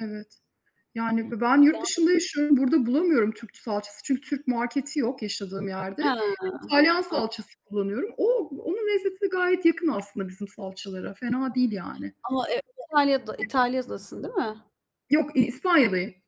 Evet, yani ben yurt Yan dışında yaşıyorum, burda bulamıyorum Türk ç salçası, çünkü Türk marketi yok yaşadığım Ha, yerde. İtalyan an salçası kullanıyorum. O onun lezzeti de gayet yakın aslında bizim salçalara, fena değil yani. Ama, eee, İtalya'da, [unintelligible] İtalya'dasın değil mi? Yok, İspanya'dayım.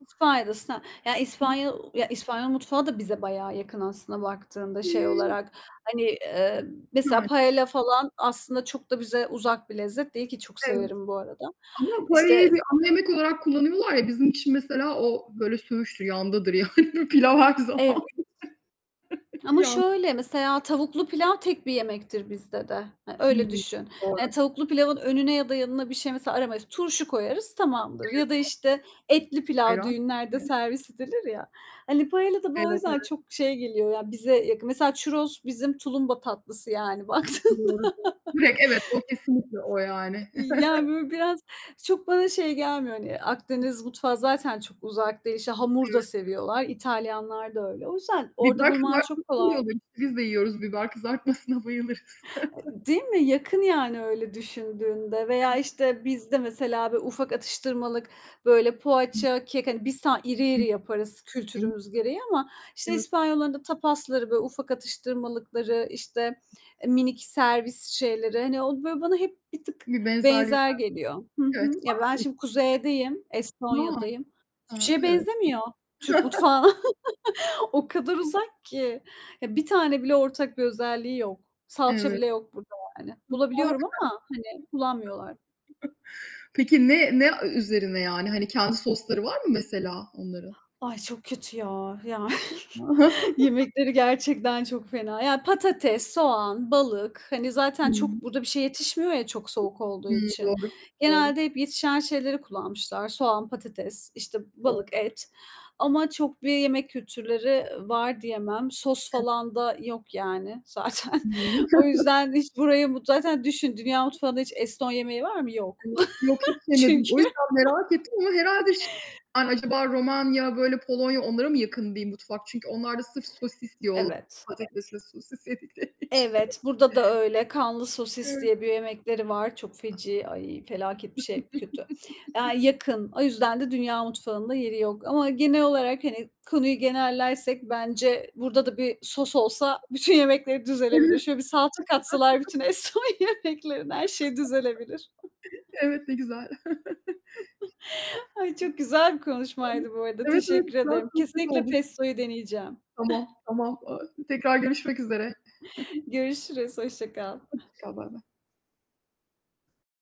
İspanya'dasın ha, yani [unintelligible] İspanya Ya, İspanyol mutfağı da bize bayağı yakın aslında baktığında şey [unintelligible] olarak. Hani, eee, mesela Ya paella falan aslında çok da bize uzak bir lezzet değil ki çok Evet. severim bu arada. Ama paella'yı İşte bir ana yemek olarak kullanıyorlar ya, bizim için mesela o böyle söğüştür, yandadır yani. Pilav her Evet. zaman. Ama Yan şöyle, mesela tavuklu pilav tek bir yemektir bizde de. E, Hı öyle hı, düşün. doğru. Hani tavuklu pilavın önüne ya da yanına bir şey mesela aramayız, turşu koyarız tamamdır ya da [unintelligible] işte etli pilav Ayran? düğünlerde Evet. servis edilir ya. Hani paella da bu o Evet, yüzden evet. çok şey geliyor ya bize yakın. Mesela churros bizim tulumba tatlısı yani baktığında. Doğru, doğru. Direkt evet, o kesinlikle o yani. İ yani böyle biraz, çok bana şey gelmiyor hani Akdeniz mutfağı zaten çok uzak değil. İşte, hamur da Evet. seviyorlar. İtalyanlar da öyle. O yüzden Bir orada bak. bulman Bak, çok nasıl kolay. yiyorlar işte! Biz de yiyoruz biber kızartmasına bayılırız. E değil mi? Yakın yani, öyle düşündüğünde veya [unintelligible] işte bizde mesela böyle ufak atıştırmalık böyle poğaça, kek hani biz tam iri iri yaparız [unintelligible] kültürümüz gereği ama, işte Evet. İspanyolların da tapasları, böyle ufak atıştırmalıkları, işte, eee, minik servis şeyleri, hani o böyle bana hep bir tık Bir benzerlik benzer var. geliyor. Hı Evet. hı, ya, ben Akdeniz şimdi kuzeydeyim, çünkü. Estonya'dayım. A, Hiçbir a, şeye evet. benzemiyor Türk mutfağı. O kadar uzak ki, ya, 1 tane bile ortak bir özelliği yok. Salça Evet. bile yok burada yani. [unintelligible] Bulabiliyorum ama hani kullanmıyorlar. Peki, ne, ne a üzerine yani? Hani kendi sosları var mı mesela onların? Ay çok kötü ya. Ya, yemekleri gerçekten çok fena. Ya, patates, soğan, balık hani zaten Hımm. çok burada bir şeye yetişmiyor ya çok soğuk olduğu Hımm, için, doğru, doğru. genelde hep yetişen şeyleri kullanmışlar. Soğan, patates, işte [unintelligible] balık, et ama çok bir yemek kültürleri var diyemem. Sos Ev falan da yok yani zaten. [unintelligible] O yüzden hiç burayı, zaten düşün, dünya mutfağında hiç Eston yemeği var mı? Yok [unintelligible] Yok, hiç yemedim, çünkü. o yüzden merak ettim ama herhâlde şey, acaba Romanya, böyle Polonya onlara mı yakın diyeyim mutfak? Çünkü onlar da sırf sosis diyorlar. Evet. Patates ve sosis yedikleri için. Evet, burada da öyle "Kanlı sosis" [unintelligible] diye bir yemekleri var. Çok feci, ay felaket bir şey, kötü. Eee, yakın. O yüzden de dünya mutfağında yeri yok ama genel olarak hani konuyu genellersek, bence burda da bir sos Evet. olsa bütün yemekleri düzelebilir. Şöyle bir salça katsalar bütün Eston yemeklerine her şeyi düzelebilir. Evet, ne güzel. Ay, çok güzel bir [unintelligible] konuşmaydı bu arada. Evet, evet, Teşekkür güzel ederim. sohbet Kesinlikle oldu. Pesto'yu deneyeceğim. Tamam, tamam. Eee, tekrar görüşmek üzere. Görüşürüz, hoşça kal. Hoşça kal, baybay.